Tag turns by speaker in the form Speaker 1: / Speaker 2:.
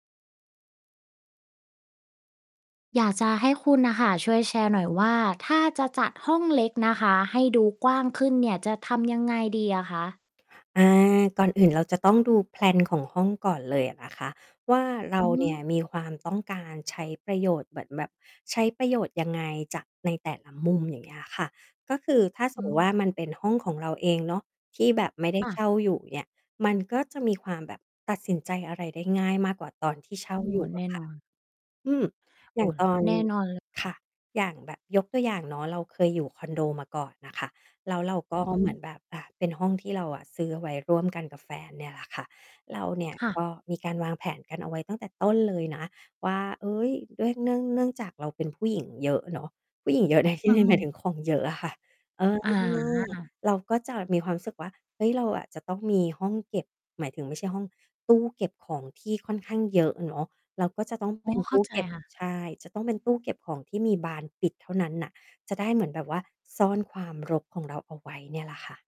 Speaker 1: อยากจะให้คุณน่ะค่ะ ช่วยแชร์หน่อยว่า ถ้าจะจัดห้องเล็กนะคะให้ดูกว้างขึ้นเนี่ย จะทำยังไงดีอะคะ?
Speaker 2: อา ก่อนอื่นเราจะต้องดู แพลน ของห้องก่อนเลยอะนะคะว่า เรา
Speaker 1: อื
Speaker 2: เนี่ย
Speaker 1: ม
Speaker 2: มีความต้องการใช้ประโยชน์เหมือนแบบใช้ประโยชน์ยังไงจากในแต่ละมุม อย่างเงี้ยค่ะ ก็คือถ้าส
Speaker 1: อ
Speaker 2: ม
Speaker 1: ื
Speaker 2: มุติว่า
Speaker 1: ม
Speaker 2: มันเป็นห้องของเราเองเนาะที่แบบไม่ได้
Speaker 1: ค่ะ
Speaker 2: เช่าอยู่ อย่างเงี้ย มันก็จะมีความแบบตัดสินใจอะไรได้ง่ายมากกว่าตอน ที่เช่า
Speaker 1: โอ้
Speaker 2: อย
Speaker 1: โฮ
Speaker 2: ู่
Speaker 1: แ
Speaker 2: อ
Speaker 1: น
Speaker 2: ะ
Speaker 1: ่
Speaker 2: ค่
Speaker 1: น
Speaker 2: ะ
Speaker 1: อน
Speaker 2: อืม
Speaker 1: โ
Speaker 2: อย
Speaker 1: อ
Speaker 2: ่
Speaker 1: ้
Speaker 2: าง ตอน
Speaker 1: แน่นอน เลยค
Speaker 2: ค
Speaker 1: ่
Speaker 2: ่
Speaker 1: ะ
Speaker 2: ะ อย่างแบบยกตัวอย่างเนาะ เราเคยอยู่คอนโดมาก่อนน่ะค่ะ แล้วเรา ก็
Speaker 1: อือฮ
Speaker 2: เหมือน
Speaker 1: ึ
Speaker 2: แบบ อ่า เป็นห้องที่เราอะซื้อเอาไว้ร่วมกันกับแฟนเนี่ยแหละค่ะ เราเนี่ย
Speaker 1: ค่
Speaker 2: ก
Speaker 1: ะ
Speaker 2: ็มีการวางแผนกันเอาไว้ตั้งแต่ต้นเลยนะ ว่า เฮ้ย ด้วย เนื่อง เนื่องจากเราเป็นผู้หญิง เยอะเนาะ ผู้หญิงเยอะในที่
Speaker 1: นั่
Speaker 2: น
Speaker 1: ง
Speaker 2: ี้
Speaker 1: ล
Speaker 2: หมาย
Speaker 1: ง
Speaker 2: ถึงของเยอะอะค่ะ เออ
Speaker 1: อา
Speaker 2: เราก็จะมีความรู้สึกว่า เฮ้ย เราอะจะต้องมีห้องเก็บ หมายถึงไม่ใช่ห้อง ตู้เก็บของที่ค่อนข้างเยอะ เนาะ แล้วก็จะต้อง
Speaker 1: โ
Speaker 2: เ
Speaker 1: อ
Speaker 2: ป
Speaker 1: ้
Speaker 2: ็น
Speaker 1: เข
Speaker 2: ต
Speaker 1: ้
Speaker 2: ู
Speaker 1: า
Speaker 2: ้
Speaker 1: ใจ
Speaker 2: เก็บ
Speaker 1: ค่ะ
Speaker 2: ใช่ จะต้องเป็นตู้เก็บของที่มีบานปิดเท่านั้นน่ะ จะได้เหมือนแบบว่าซ่อนความรกของเราเอาไว้เนี่ยล่ะค่ะ